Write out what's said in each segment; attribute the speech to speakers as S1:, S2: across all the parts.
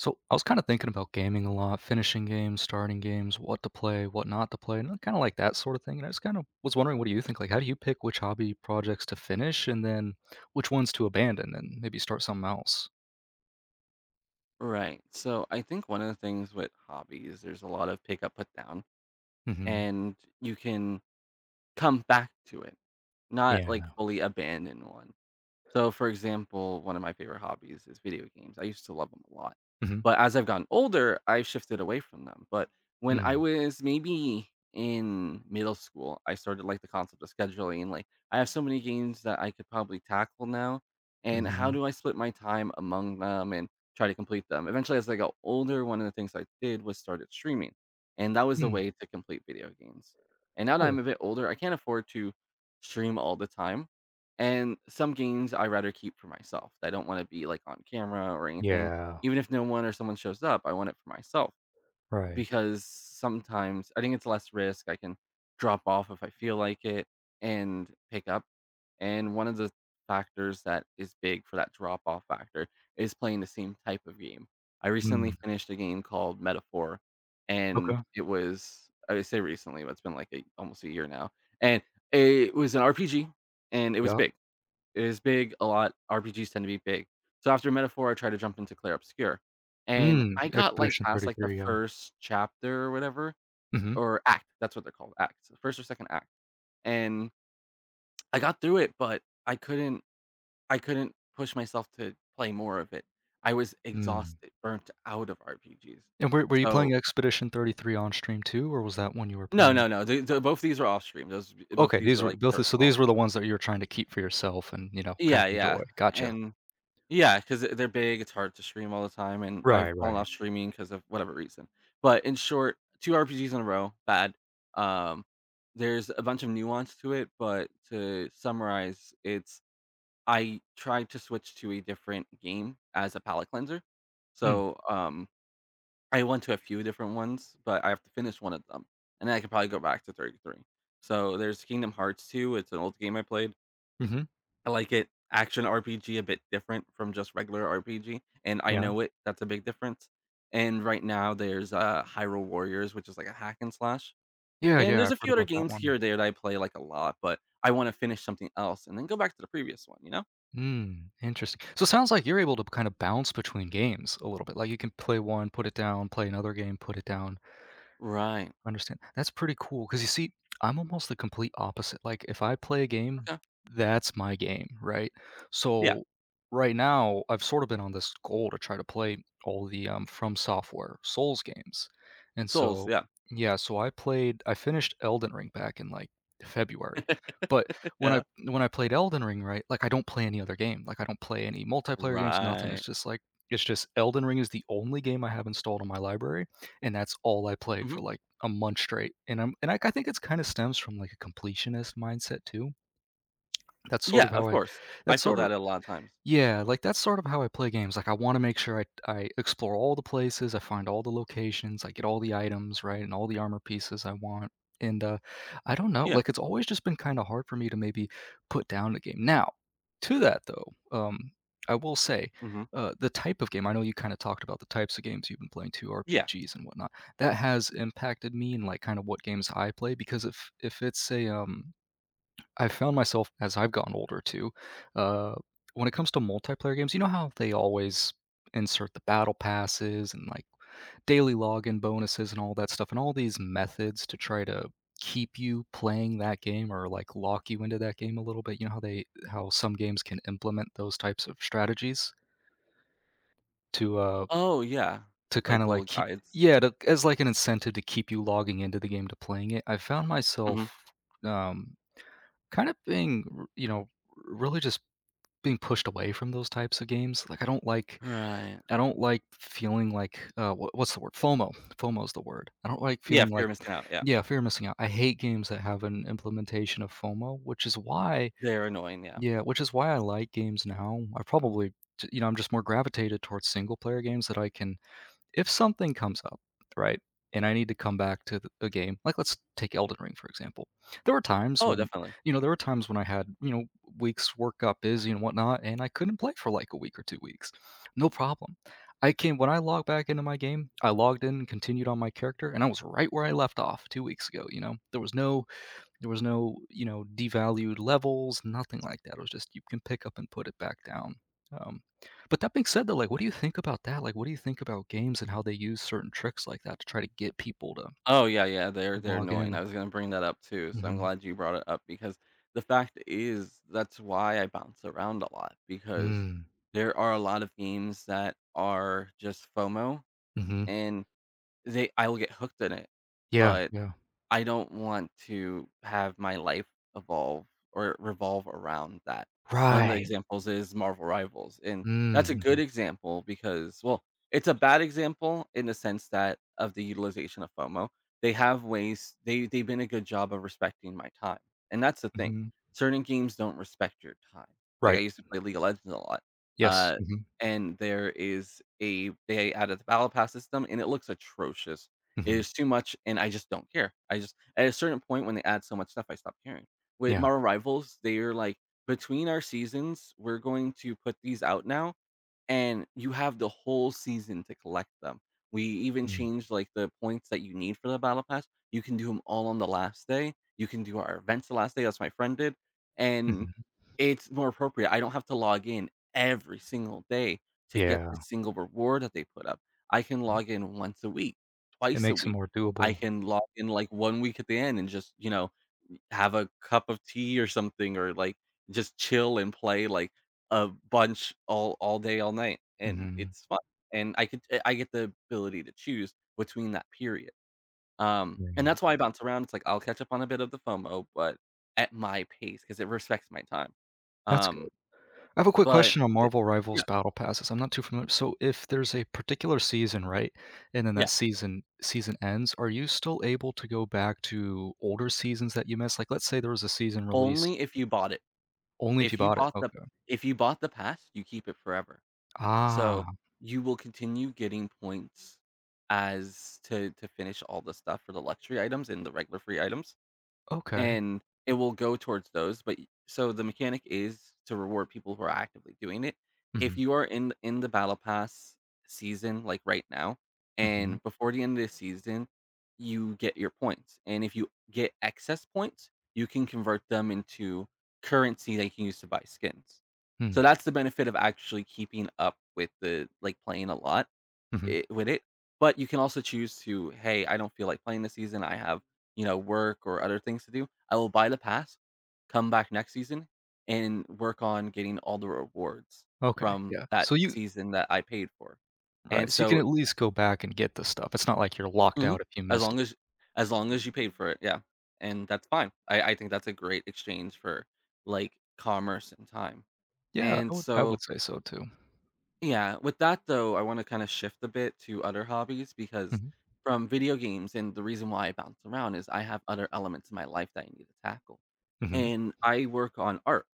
S1: So, I was kind of thinking about gaming a lot, finishing games, starting games, what to play, what not to play, and, uh, kind of, like, that sort of thing, and I was kind of was wondering what do you think, like, how do you pick which hobby projects to finish, and then which ones to abandon and maybe start something else?
S2: Right, so I think one of the things with hobbies, there's a lot of pick up, put down,
S1: Mhm.
S2: and you can come back to it, not, like,
S1: Yeah.
S2: fully abandon one. So for example, one of my favorite hobbies is video games, I used to love them a lot.
S1: Mhm.
S2: But as I've gotten older, I've shifted away from them, but when I
S1: Mm.
S2: was maybe in middle school, I started to like the concept of scheduling, like, I have so many games that I could probably tackle now, and how
S1: Mhm.
S2: do I split my time among them and try to complete them? Eventually, as I got older, one of the things I did was started streaming, and that was a
S1: Hmm.
S2: way to complete video games, and now that
S1: Cool.
S2: I'm a bit older, I can't afford to stream all the time, and some games I rather keep for myself. I don't wanna be, like, on camera or anything.
S1: Yeah.
S2: Even if no one or someone shows up, I want it for myself,
S1: Right.
S2: because sometimes I think it's less risk, I can drop off if I feel like it and pick up, and one of the factors that is big for that drop-off factor is playing the same type of game. I recently
S1: Mm.
S2: finished a game called Metaphor,
S1: Okay.
S2: and it was I just said recently, but it's been, like, a almost a year now, and it was an RPG, and it was
S1: Yeah.
S2: big. It was big, a lot RPGs tend to be big. So after Metaphor, I tried to jump into Clair Obscur, and
S1: Mm.
S2: I got, like,
S1: Expedition
S2: past, like, the
S1: 33, yeah.
S2: 1st chapter or whatever,
S1: Mhm.
S2: or act. That's what they're called, acts. The 1st or 2nd act. And I got through it, but I couldn't I couldn't push myself to play more of it. I was
S1: Mm.
S2: exhausted, burnt out of RPGs.
S1: And were were you playing
S2: So
S1: Expedition 33 on stream too, or was that one you were
S2: No,
S1: playing?
S2: no, no, the the both these are off-stream, those e both of
S1: Okay,
S2: these
S1: these
S2: were,
S1: were
S2: like,
S1: both of so
S2: personal.
S1: these were the ones that you were trying to keep for yourself, and, you know, kind of
S2: Yeah, yeah,
S1: enjoy, gotcha.
S2: and yeah, i 'cause they're big, it's hard to stream all the time, and I've
S1: Right,
S2: fallen
S1: right.
S2: off streaming 'cause of whatever reason. But, in short, 2 RPGs in a row, bad. Um, there's a bunch of nuance to it, but to summarize, it's I tried to switch to a different game as a palate cleanser,
S1: Mm.
S2: so, um, I went to a few different ones, but I have to finish one of them, and then I can probably go back to 33. So there's Kingdom Hearts II, it's an old game I played
S1: Mhm.
S2: I like it. Action RPG, a bit different from just regular RPG, and I
S1: Yeah.
S2: know it. That's a big difference, and right now, there's, uh, Hyrule Warriors, which is, like, a hack and slash.
S1: Yeah,
S2: And
S1: yeah,
S2: there's
S1: I've
S2: a
S1: heard
S2: few other
S1: about that
S2: games here
S1: one.
S2: or there that I play, like, a lot, but I wanna finish something else and then go back to the previous one, you know?
S1: Mm, interest so, it sounds like you're able to, kind of, bounce between games a little bit, like, you can play one, put it down, play another game, put it down.
S2: Right.
S1: Understand. That's pretty cool, 'cause you see, I'm almost the complete opposite. Like, if I play a game,
S2: Yeah.
S1: that's my game, right?
S2: Yeah.
S1: So, right now, I've sorta been on this goal to try to play all the, um, FromSoftware Souls games, and
S2: Souls,
S1: so,
S2: yeah.
S1: yeah, so I played I finished Elden Ring back in, like, February, but when I
S2: Yeah.
S1: when I played Elden Ring, right, like, I don't play any other game, like, I don't play any multiplayer games, nothing. It's,
S2: Right.
S1: just, like, it's, just, Elden Ring is the only game I have installed on my library, and that's all I played for,
S2: Mhm.
S1: like, a month straight, and I'm and, like, think it, kind of, stems from, like, a completionist mindset too. That's sort
S2: Yeah,
S1: of
S2: of
S1: how I
S2: course. I
S1: that's
S2: feel
S1: sort of
S2: that a lotta times.
S1: yeah, like, that's sort of how I play games, like, I wanna make sure I I explore all the places, I find all the locations, I get all the items, right, and all the armor pieces I want, and, uh, I don't know.
S2: Yeah.
S1: Like, it's always, just, been, kinda, hard for me to, maybe, put down a game. Now, to that though, um, I will say,
S2: Mhm.
S1: uh, the type of game, I know you, kinda, talked about the types of games you've been playing too,
S2: Yeah.
S1: RPGs and whatnot- that has impacted me in, like, kinda, what games I play because if if it's a, um I've found myself, as I've gotten older too, uh, when it comes to multiplayer games, you know how they always insert the battle passes and, like, daily login bonuses and all that stuff, and all these methods to try to keep you playing that game or, like, lock you into that game a little bit, you know how they how some games can implement those types of strategies to, uh,
S2: Oh, yeah,
S1: to,
S2: like
S1: kinda,
S2: little
S1: like, keep
S2: guides.
S1: yeah, to as, like, an incentive to keep you logging into the game to playing it. I've found myself,
S2: Mhm.
S1: um, kinda being r you know, really, just, being pushed away from those types of games, like, I don't like
S2: Right.
S1: I don't like f feeling like, uh, what what's the word? FOMO. FOMO is the word. I don't like
S2: Yeah,
S1: feeling
S2: fear
S1: like
S2: of missing out, yeah.
S1: yeah, fear of missing out. I hate games that have an implementation of FOMO, which is why
S2: They're annoying, yeah.
S1: yeah, which is why I like games now. I probably, t you know, I'm, just, more gravitated towards single-player games that I can if something comes up, right, and I need to come back to the game, like let's take Elden Ring for example. There were times
S2: Oh,
S1: when,
S2: definitely.
S1: you know, there were times when I had, you know, weeks work got busy and whatnot, and I couldn't play for, like, a week or 2 weeks. No problem. I came when I logged back into my game, I logged in and continued on my character, and I was right where I left off 2 weeks ago, you know? There was no there was no, you know, devalued levels, nothing like that, it was just you can pick up and put it back down. Um, but that being said though, like, what do you think about that? Like, what do you think about games and how they use certain tricks like that to try to get people to
S2: Oh, yeah, yeah, they're they're
S1: log
S2: annoying. I
S1: in?
S2: was gonna bring that up too, so I'm
S1: Mhm.
S2: glad you brought it up because the fact i is that's why I bounce around a lot, because
S1: Mm.
S2: there are a lot of games that are, just, FOMO,
S1: Mhm.
S2: and they I will get hooked in it,
S1: Yeah,
S2: but
S1: yeah.
S2: I don't want to have my life evolve or revolve around that. One of the
S1: Right!
S2: examples is Marvel Rivals, and
S1: Mm.
S2: that's a good
S1: Mhm.
S2: example because well, it's a bad example in the sense that of the utilization of FOMO. They have ways they they've been a good job of respecting my time, and that's the thing,
S1: Mhm.
S2: certain games don't respect your time. Like, I
S1: Right.
S2: used to play League of Legends a lot,
S1: Yes.
S2: uh,
S1: Mhm.
S2: and there is a th they added the battle pass system, and it looks atrocious. It
S1: Mhm.
S2: is too much, and I just don't care. I just at a certain point, when they add so much stuff, I stop caring. With
S1: Yeah.
S2: Marvel Rivals, they're like, "Between our seasons, we're going to put these out now, and you have the whole season to collect them. We even
S1: Mm.
S2: changed, like, the points that you need for the battle pass, you can do 'em all on the last day. You can do our events the last day," as my friend did, and
S1: Mhm.
S2: it's more appropriate. I don't have to log in every single day to get the
S1: Yeah.
S2: single reward that they put up. I can log in once a week,
S1: It
S2: twice a
S1: makes it
S2: week,
S1: more
S2: I
S1: doable.
S2: can log in, like, 1 week at the end and, just, you know, n have a cup of tea or something or, like, just, chill and play, like, a bunch all all day, all night, and
S1: Mhm.
S2: it's fun, and I could d I get the ability to choose between that period. Um,
S1: You're
S2: and that's
S1: nuts.
S2: why I bounce around, it's like I'll catch up on a bit of the FOMO, but at my pace, 'cause it respects my time.
S1: That's good.
S2: Um,
S1: I have a quick
S2: but
S1: question on
S2: but
S1: Marvel Rivals
S2: yeah.
S1: BattlePasses, I'm not too familiar. So, if there's a particular season, right, and then that
S2: Yeah.
S1: season season ends, are you still able to go back to older seasons that you missed? Like, let's say there was a season released
S2: Only if you bought it.
S1: Only if you
S2: If you
S1: bought it.
S2: bought the b
S1: Okay.
S2: if you bought the pass, you keep it forever. So,
S1: Ah.
S2: you will continue getting points as to to finish all the stuff for the luxury items and the regular free items,
S1: Okay.
S2: and it will go towards those, but y so, the mechanic is to reward people who are actively doing it. If
S1: Mhm.
S2: you are in th in the BattlePass season, like, right now,
S1: Mhm.
S2: and before the end of the season, you get your points, and if you get excess points, you can convert them into currency that you can use to buy skins. So,
S1: Mm.
S2: that's the benefit of actually keeping up with the like, playing a lot,
S1: Mhm.
S2: it with it, but you can also choose to, "Hey, I don't feel like playing this season. I have, you know, work or other things to do. I will buy the pass, come back next season, and work on getting all the rewards
S1: Okay.
S2: from
S1: Yeah.
S2: that
S1: So, you
S2: season that I paid for." and
S1: Right. So, you can
S2: so
S1: at least go back and get the stuff, it's not like you're locked
S2: Mhm,
S1: out if you
S2: as
S1: missed it.
S2: long as y as long as you paid for it, yeah, and that's fine. I I think that's a great exchange for, like, commerce and time.
S1: Yeah. I
S2: And
S1: would I
S2: so
S1: would say so too.
S2: Yeah. With that, though, I wanna kinda shift a bit to other hobbies, because
S1: Mhm.
S2: from video games and the reason why I bounce around is, I have other elements in my life that I need to tackle.
S1: Mhm.
S2: And I work on art.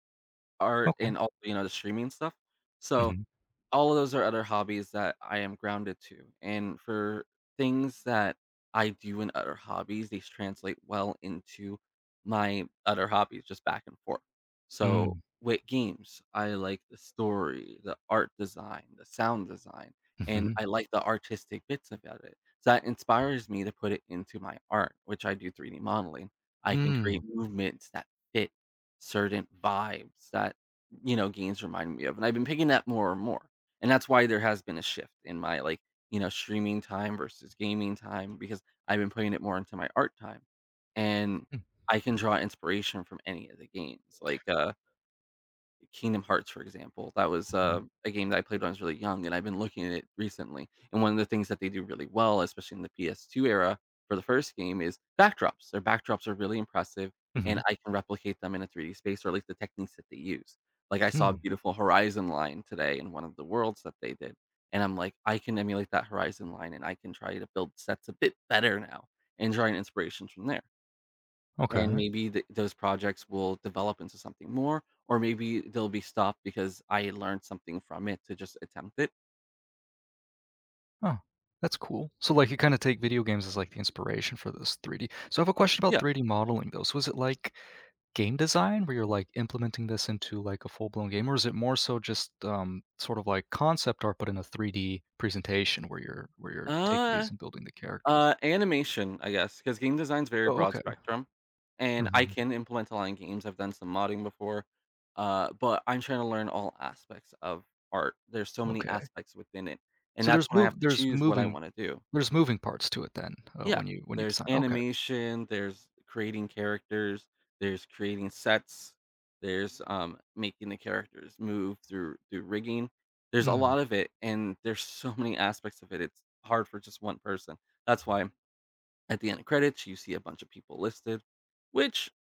S2: Art
S1: Okay.
S2: and also, you know, the streaming stuff, so,
S1: Mhm.
S2: all of those are other hobbies that I am grounded to, and for things that I do in other hobbies, these translate well into my other hobbies, just back and forth. So,
S1: Hmm.
S2: with games, I like the story, the art design, the sound design, and I
S1: Mhm.
S2: like the artistic bits about it, so that inspires me to put it into my art, which, I do 3D modeling. I can create
S1: Mm.
S2: movements that fit certain vibes that y you know, games remind me of, and I've been picking that more and more. And that's why there has been a shift in my, like, you know, streaming time versus gaming time, because I've been putting it more into my art time. And
S1: Hmm.
S2: I can draw inspiration from any of the games, like, uh Kingdom Hearts, for example. That was,
S1: Mhm.
S2: uh, a game that I played when I was really young, and I've been looking at it recently, and one of the things that they do really well, especially in the PS2 era, for the first game, is backdrops. Their backdrops are really impressive, and
S1: Mhm.
S2: I can replicate them in a 3D space, or at least the techniques that they use. Like, I saw a
S1: Hmm.
S2: beautiful horizon line today in one of the worlds that they did, and I'm, like, "I can emulate that horizon line, and I can try to build sets a bit better now, and draw an inspirations from there." And
S1: Okay.
S2: maybe the those projects will develop into something more, or maybe they'll be stopped because I learned something from it to just attempt it
S1: Oh, that's cool. So, like, you kinda take video games as, like, the inspiration for this 3D so I have a question about
S2: Yeah.
S1: 3D modeling, though, so is it like game design, where you're, like, implementing this into, like, a full-blown game, or is it more so just, um, sort of like concept art, but in a 3D presentation where you're where you're taking these
S2: Uh
S1: and building the characters?
S2: uh, animation, I guess, 'cause game design's a very
S1: Oh,
S2: broad
S1: okay.
S2: spectrum, and I
S1: Mhm.
S2: can implement a lot in games, I've done some modding before, uh, but I'm trying to learn all aspects of art. There's so many
S1: Okay.
S2: aspects within it, and
S1: So
S2: that's
S1: there's
S2: why I
S1: mo
S2: have to
S1: there's
S2: choose what I
S1: moving
S2: wanna do.
S1: there's moving parts to it then, uh,
S2: Yeah.
S1: when you when you
S2: There's
S1: design okay.
S2: animation, there's creating characters, there's creating sets, there's, um, making the characters move through through rigging. There's a
S1: Mm.
S2: lot of it, and there's so many aspects of it, it's hard for just one person. That's why at the end credits, you see a bunch of people listed, which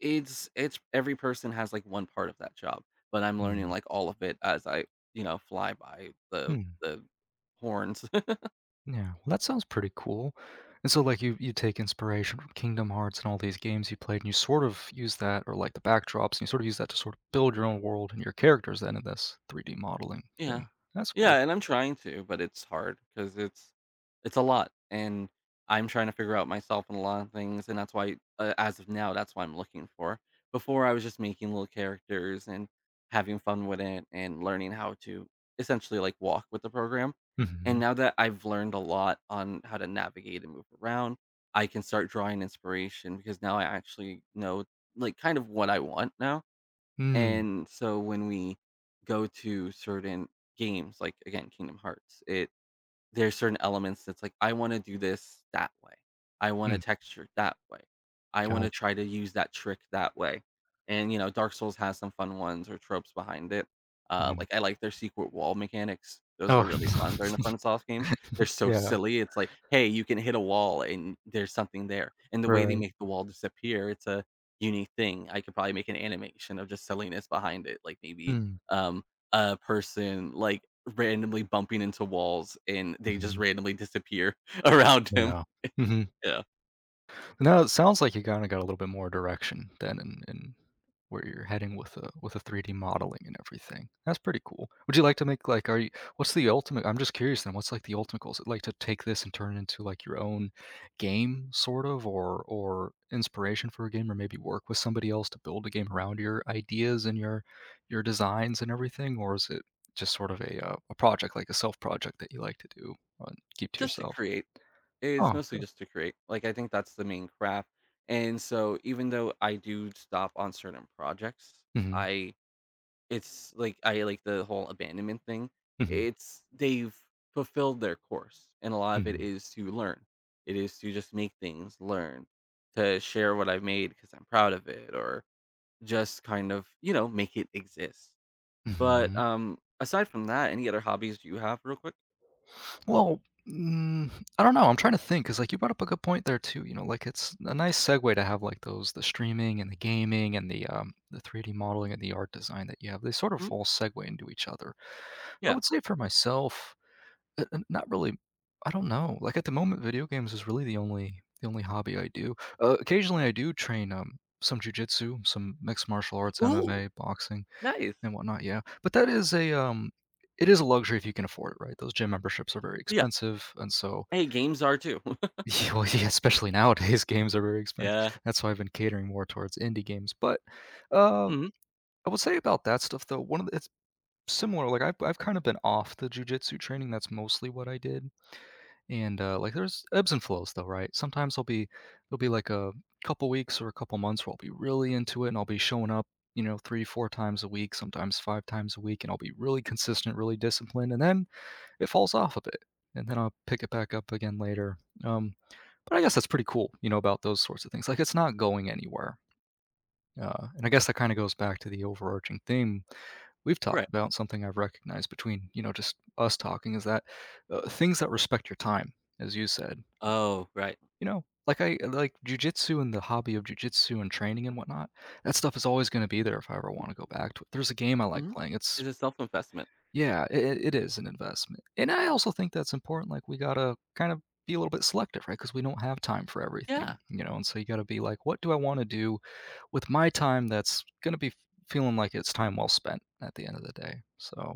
S2: it's it's every person has, like, one part of that job, but I'm learning,
S1: Mm.
S2: like, all of it as I, you know, fly by the
S1: Hmm.
S2: the horns.
S1: Yeah. Well, that sounds pretty cool. And so, like, you you take inspiration from Kingdom Hearts and all these games you played, and you sort of use that or, like, the backdrops, and you sorta use that to sort of build your own world and your characters, then, in this 3D modeling
S2: Yeah.
S1: thing. That's cool.
S2: Yeah, and I'm trying to, but it's hard, 'cause it's it's a lot, and I'm trying to figure out myself in a lotta things, and that's why uh, as of now, that's what I'm looking for. Before, I was just making little characters, and having fun with it, and learning how to, essentially, like, walk with the program. And
S1: Mhm.
S2: now that I've learned a lot on how to navigate and move around, I can start drawing inspiration, because now I actually know, like, kind of what I want now.
S1: Mm.
S2: And so, when we go to certain games, like, again, Kingdom Hearts, it there's certain elements, that's, like, "I wanna do this that way. I want a
S1: Mm.
S2: texture that way. I wanna
S1: Gotcha.
S2: try to use that trick that way." And, you know, Dark Souls has some fun ones or tropes behind it. Uh,
S1: Mhm.
S2: like, I like their secret wall mechanics. Those are
S1: Oh,
S2: really fun, they're in the FromSoft games. They're so
S1: yeah.
S2: silly, It's, like, "Hey, you can hit a wall, and there's something there." And the way they
S1: Right.
S2: make the wall disappear, it's a unique thing. I could probably make an animation of just silliness behind it, like, maybe,
S1: Mm.
S2: um, a person, like, randomly bumping into walls, and they just
S1: Mhm.
S2: randomly disappear around him.
S1: Yeah. Mhm.
S2: Yeah.
S1: No, it sounds like you kinda got a little bit more direction, then, in in where you're heading with the with the 3D modeling and everything. That's pretty cool. Would you like to make, like are you what's the ultimate I'm just curious then, what's, like, the ultimate goal? Is it, like, to take this and turn it into, like, your own game, sort of, or or inspiration for a game, or maybe work with somebody else to build a game around your ideas and your your designs and everything? Or is it just sort of a, uh a project like, a self project that you like to do or keep to
S2: Just to
S1: yourself?
S2: create. It is
S1: Oh,
S2: mostly
S1: coo
S2: just to create. Like, I think that's the main craft, and so even though I do stop on certain projects,
S1: Mhm.
S2: I it's like, I like the whole abandonment thing. I
S1: Mhm.
S2: it's they've fulfilled their course, and a lot of it
S1: Mhm.
S2: is to learn. It is to just make things, learn, to share what I've made, 'cause I'm proud of it, or just kind of, you know, make it exist. But,
S1: Mhm.
S2: um, aside from that, any other hobbies do you have, real quick?
S1: Well mm, I don't know. I'm trying to think 'cause, like, you brought up a good point there too, you know, like, it's a nice segue to have, like, those the streaming, and the gaming, and the, um the 3D modeling and the art design that you have, they sort of
S2: Hmm?
S1: all segue into each other. I
S2: Yeah.
S1: would say for myself, eh eh not really I don't know. Like, at the moment, video games is really the only the only hobby I do. Uh, occasionally I do train, um, some jujitsu, some mixed martial arts,
S2: Ooh.
S1: MMA, boxing,
S2: Nice.
S1: and whatnot, yeah, but that is a, um it is a luxury if you can afford it, right? Those gym memberships are very
S2: Yeah.
S1: expensive, and so
S2: Hey, games are too.
S1: Y Oh yeah, especially nowadays, games are very expensive.
S2: Yeah.
S1: That's why I've been catering more towards indie games, but, uh,
S2: Mhm.
S1: I will say about that stuff though, one of the it's similar, like, I've I've kind of been off the jujitsu training, that's mostly what I did, and, uh like, there's ebbs and flows though, right? Sometimes I'll be it'll be, like, a couple weeks or a couple months where I'll be really into it and I'll be showing up, you know, 3, 4 times a week, sometimes 5 times a week, and I'll be really consistent, really disciplined, and then it falls off a bit, and then I'll pick it back up again later. Um, but I guess that's pretty cool, you know, about those sorts of things. Like, it's not going anywhere. Uh, and I guess that kinda goes back to the overarching theme we've talked
S2: Right.
S1: about, something I've recognized between, you know, just us talking is that, uh, things that respect your time, as you said
S2: Oh, right.
S1: you know, like I uh, like, jujitsu, and the hobby of jujitsu, and training and whatnot, that stuff is always gonna be there if I ever wanna go back to it There's a game I like
S2: Mhm.
S1: playing, it's
S2: It's a self investment.
S1: Yeah, it it it is an investment, and I also think that's important, like, we gotta kind of be a little bit selective, right? 'Cause we don't have time for
S2: Yeah.
S1: everything, you know, and so you gotta be like, "What do I wanna do with my time that's gonna be feeling like it's time well spent, at the end of the day?" So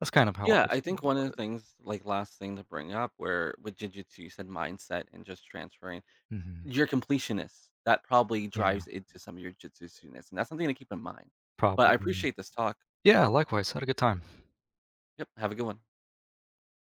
S1: that's kind of how I
S2: Yeah,
S1: I
S2: I
S1: feel
S2: think
S1: about
S2: one of the
S1: it.
S2: things like, last thing to bring up, where with jujitsu, you said mindset, and just transferring
S1: Mhm.
S2: you're completionist; that probably
S1: Yeah.
S2: drives into some of your jujitsu-ness, and that's something to keep in mind, but I
S1: Probably.
S2: appreciate this talk.
S1: Yeah, likewise, had a good time.
S2: Yep, have a good one.